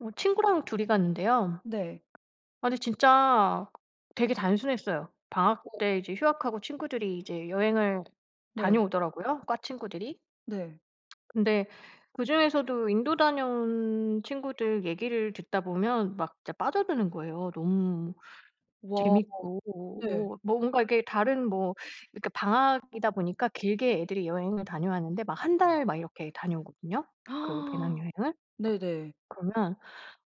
어 친구랑 2 이 갔는데요. 네. 아니 진짜 되게 단순했어요. 방학 어. 때 이제 휴학하고 친구들이 이제 여행을 네. 다녀오더라고요 과 친구들이. 네. 근데 그중에서도 인도 다녀온 친구들 얘기를 듣다 보면 막 진짜 빠져드는 거예요. 너무 와 재밌고 네. 어 뭔가 이게 다른 뭐 이렇게 방학이다 보니까 길게 애들이 여행을 다녀왔는데 막 1 달 막 이렇게 다녀오거든요 그 배낭여행을. 네네. 그러면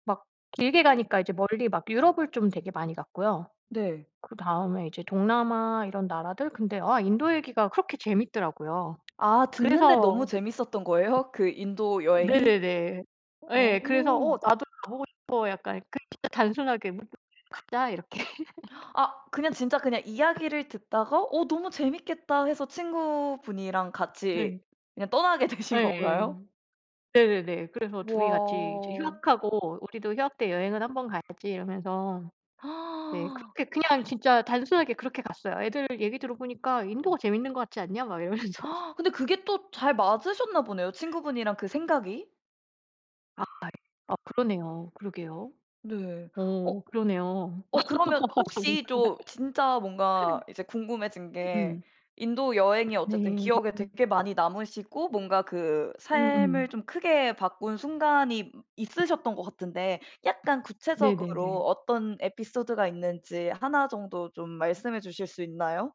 막 길게 가니까 이제 멀리 막 유럽을 좀 되게 많이 갔고요. 네. 그다음에 이제 동남아 이런 나라들? 근데 아 인도 얘기가 그렇게 재밌더라고요. 아 듣는데 너무 그래서 재밌었던 거예요? 그 인도 여행이? 네네네. 아. 예. 그래서 '어 나도 가보고 싶어.' 약간 그냥 진짜 단순하게 '뭐 가자.' 이렇게. 아 그냥 진짜 그냥 이야기를 듣다가 '어 너무 재밌겠다.' 해서 친구분이랑 같이 네. 그냥 떠나게 되신 예. 건가요? 네네네. 그래서 2이 같이 이제 와. 휴학하고 "우리도 휴학 때 여행은 1 번 가야지." 이러면서. 네. 그렇게 그냥 진짜 단순하게 그렇게 갔어요. "애들 얘기 들어보니까 인도가 재밌는 것 같지 않냐?" 막 이러면서. 근데 그게 또 잘 맞으셨나 보네요 친구분이랑 그 생각이. 아 예. 아 그러네요. 그러게요. 네. 어 어 그러네요. 어 그러면 정말. 혹시 좀 진짜 뭔가 이제 궁금해진 게 음. 인도 여행이 어쨌든 네. 기억에 되게 많이 남으시고 뭔가 그 삶을 음음. 좀 크게 바꾼 순간이 있으셨던 것 같은데 약간 구체적으로 네네네. 어떤 에피소드가 있는지 1 정도 좀 말씀해 주실 수 있나요?